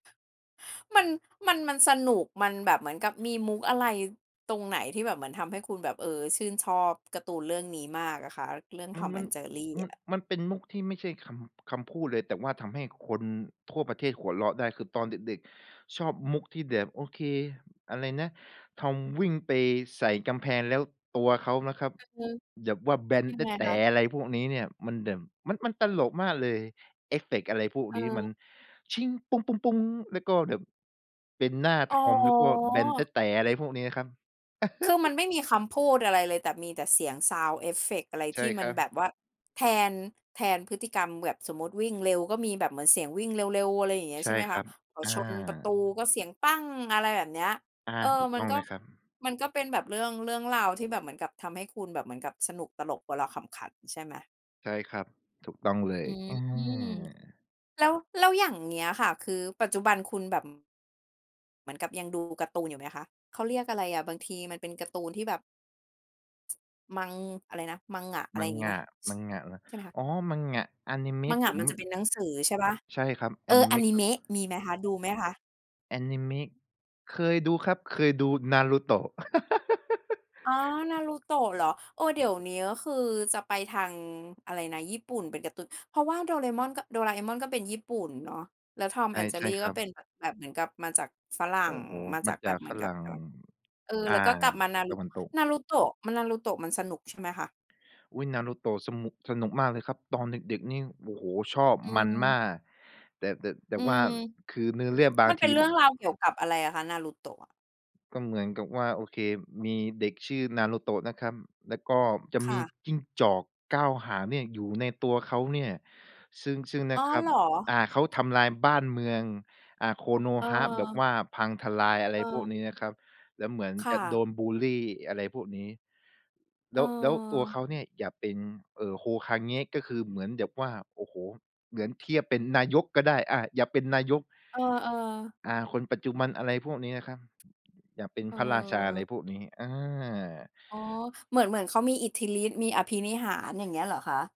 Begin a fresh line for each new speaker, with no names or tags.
มัน มัน มันสนุก มันแบบเหมือนกับมีมุกอะไรตรงไหนที่แบบเหมือนทำให้คุณแบบ เอ่อ ชื่นชอบการ์ตูนเรื่องนี้มากอะค่ะเรื่อง
มัน
"Tom
มัน
and Jerry"
ม
อ
ัน
ะ?
มันเป็นมุกที่ไม่ใช่คำ คำพูดเลย แต่ทำให้คนทั่วประเทศหัวเราะได้ คือตอนเด็ก ๆ ชอบมุกที่แบบ โอเค อะไรนะ Tom วิ่งไปใส่กำแพง แล้วตัวเขานะครับ
อือฮึ
แบบว่าแบน
ยั
แต
ง
๊
ไง
ดแต๋
คะ?
อะไรพวกนี้เนี่ย มันแบบ มัน มันตลกมากเลย เอฟเฟกต์อะไรพวก
เ
นี้ม
อ
ัน
อ
แล้วก็แบบเป็นหน้า
อ๋
Tom แล้วก็แบนแต๊
อ
ดแต๋ อะไรพวกนี้ครับ
คือ มันไม่มีคำพูดอะไรเลย แต่มีแต่เสียงซาวด์เอฟเฟกต์ อะไร
ใช
ท
่
ี่ม
ค
ั
ร
น
ั
แบ
บ
บว่าแทน แทนพฤติกรรม แบบสมมุติวิ่งเร็ว ก็มีแบบเหมือนเสียงวิ่งเร็ว ๆ อะไรอย่างเงี้ย
ใช
ใช
่
่ไหม
ค
ค
รั
ะ
บ
พอ
อ
ชนประตู
า
ก็เสียง อะไรแบบเนี้ย
อา
เออ
ถูก
มั
ต้
น
อง
ก็
เลยครับ
มันก็เป็นแบบเรื่อง เรื่องราวที่แบบเหมือนกับทำให้คุณแบบเหมือนกับสนุก ตลก หัวเราะขำขัน ใช่ไหม?
ใช่ครับ ถูกต้องเล
อื
ย อื
อ
ม
แล้ว แล้วอย่างเงี้ยค่ะ คือปัจจุบันคุณแบบ อ เหมือนกับยังดูการ์ตูนอยู่ไหมคะ? เขาเรียกอะไรอะ บางทีมันเป็นการ์ตูนที่แบบ มัง อะไรนะ manga อะไรอย่างงี้
manga
ไหม? ช
manga เหรอ
ใช่ไหมคะ?
อ๋อ manga อานิเมะผ
manga
ม
มัน
ม
จะเป็นหนังสือใช่เปล่า?
ใช่ครับ อ
เอ
าน
อ
ิเ
อ
ม
า
ะ
น
ค
ิ
รั
เม
บ
ะมีไหมคะ ดูไหมคะ?
อานิเมะ เคยดูครับ เคยดู Naruto
อ๋อ Naruto เหรอ เออ เดี๋ยวนี้คือจะไปทาง อะไรนะ ญี่ปุ่น เป็นการ์ตูน เพราะว่า Doraemon ก Doraemon ก็เป็นญี่ปุ่นเนาะ แล้ว Tom
ใช่
and
ใช่
Jerry
ค
ก
ร
็
ั
เป
บ
็นแบบ แบบเหมือนกับมาจากฝรั่
โอ
ง
้โฮ
มา
ม
จา
า
กแบ
จาก
บเหม
ฝ
ือนก
ร
ับ
ั่ง
กับ เออ
อ่
แ
า
ล้วก็กลับมา
ต
Naru
ะวันตก
Naruto ม Naruto มันสนุกใช่ไหมคะ?
อุ๊ย Naruto สนุก สนุกมากเลยครับ ตอนเด็ก ๆ นี่ โอ้โฮ ชอบ
อื
มันม
ม
าก แต่ แต่ แต
อ
่
ื
ว่า
ม
คือเนื้อเรื่องบา
มั
ง
นเ
ท
ป็
ี
นเ
ม
รื่องราวเกี่ยวกับอะไรอะคะ Naruto อะ?
ก็เหมือนกับว่า โอเค มีเด็กชื่อ Naruto นะครับ แล้วก็จะ
ค
ม
่
ี
ะ
จิ้งจอก 9 หางเนี่ยอยู่ในตัวเขาเนี่ย ซึ่ง ซึ่ง น
อ๋อ
ะครั
เ
บ
หรอ?
อ่า เขาทำลายบ้านเมือง อ่า
เ
Konoha แบบ
ออ
ว่าพังทลาย อะไรพวกนี
เออ
้นะครับ แล้วเหมือน
ค
จ
่
ะโด
ะ
นบุลลี อะไรพวกนี้ แ
เ
ล้ว แล้วตัวเ
ออ
ขาเนี่ยอยากเป็น เอ่อ Hokage ก็คือเหมือนแบบว่า โอ้โฮ เหมือนเทียบเป็นนายกก็ได้ อ่า อยากเป็นนายก
เออ ๆ
อ่า คนปัจจุบัน อะไรพวกนี้นะครับ อยากเป็น
เอ
พระราชา อะไร
อ
พวกนี้ อา
อ๋อ เหมือน เหมือนเขามีอิทธิฤทธิ์ มีอภินิหาร อย่างเงี้ยเหรอคะ?